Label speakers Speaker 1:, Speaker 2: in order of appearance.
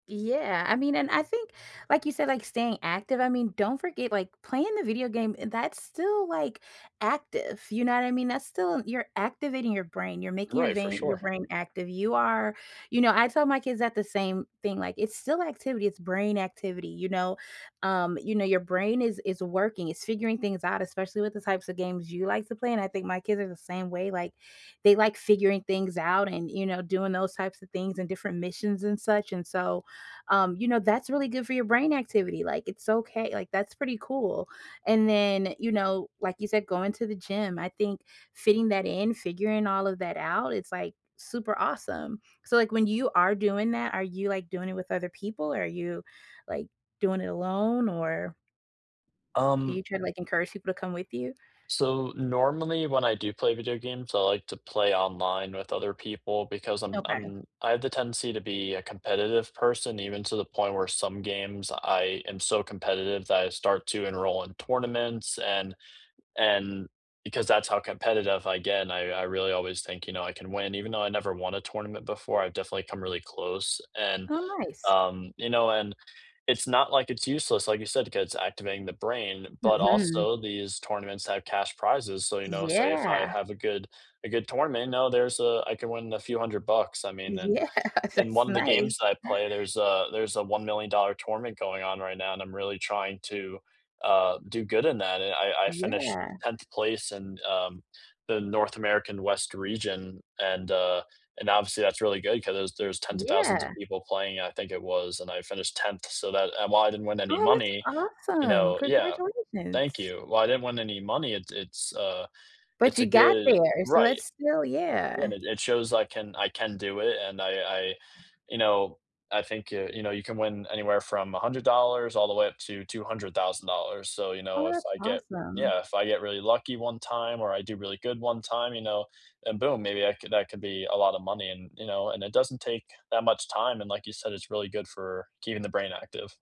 Speaker 1: Yeah. I mean, and I think, like you said, like, staying active, I mean, don't forget, like, playing the video game, that's still, like, active. You know what I mean? That's still you're activating your brain; you're making your
Speaker 2: Right, for
Speaker 1: vein your
Speaker 2: sure.
Speaker 1: brain active. You are you know, I tell my kids that the same thing, like, "It's still activity; it's brain activity, you know?" Um, you know, your brain is is working; it's figuring things out, especially with the types of games you like to play, and I think my kids are the same way. Like, they like figuring things out and, you know, doing those types things and different missions and such, and so, um, you know, that's really good for your brain activity. Like, it's okay, like, that's pretty cool. And then, you know, like you said, going to the gym. I think fitting that in, figuring all of that out, it's, like, super awesome. So like, when you are doing that, are you, like, doing it with other people? Are you, like, doing it alone? Or do
Speaker 2: Um
Speaker 1: you try to, like, encourage people to come with you?
Speaker 2: So, normally when I do play video games, I like to play online with other people because I'm
Speaker 1: Okay.
Speaker 2: I'm I have the tendency to be a competitive person, even to the point where some games I am so competitive that I start to enroll in tournaments, and and because that's how competitive I get, and I I really always think, you know, I can win. Even though I never won a tournament before, I've definitely come really close and,
Speaker 1: Oh, nice.
Speaker 2: um, you know, and it's not, like, it's useless, like you said, because "activating the brain," but
Speaker 1: Mhm.
Speaker 2: also these tournaments have cash prizes. So, you know, say if I
Speaker 1: Yeah.
Speaker 2: have a good a good tournament, now, there's a I can win a few $100. I mean, and
Speaker 1: Yeah,
Speaker 2: in
Speaker 1: that's
Speaker 2: one the
Speaker 1: nice.
Speaker 2: games that I play, there's a there's a $1,000,000 tournament going on right now, and I'm really trying to, uh, do good in that, and I I finished
Speaker 1: Yeah.
Speaker 2: 10th place in, uh, the North American West Region, and, uh, and obviously that's really good 'cause there's there's 10s of 1,000s of
Speaker 1: Yeah.
Speaker 2: people playing, I think it was, and I finished 10th. So, that and while I didn't win any
Speaker 1: Oh, that's
Speaker 2: money, you
Speaker 1: awesome.
Speaker 2: know yeah. Thank
Speaker 1: Congratulations.
Speaker 2: you while I didn't win any money, it's it's a
Speaker 1: But
Speaker 2: it's a
Speaker 1: you got
Speaker 2: good
Speaker 1: there, so
Speaker 2: right.
Speaker 1: that's still
Speaker 2: Yeah,
Speaker 1: yeah.
Speaker 2: and it shows I can I can do it, and I I, you know, I think, uh, you know, you can win anywhere from $100 all the way up to $200,000 So, you know,
Speaker 1: Oh,
Speaker 2: if
Speaker 1: that's
Speaker 2: I get yeah.
Speaker 1: awesome.
Speaker 2: If I get really lucky one time, or I do really good one time, you know, and boom, maybe I could that could that could be a lotta money, and, you know, and it doesn't take that much time. And like you said, "It's really good for keeping the brain active."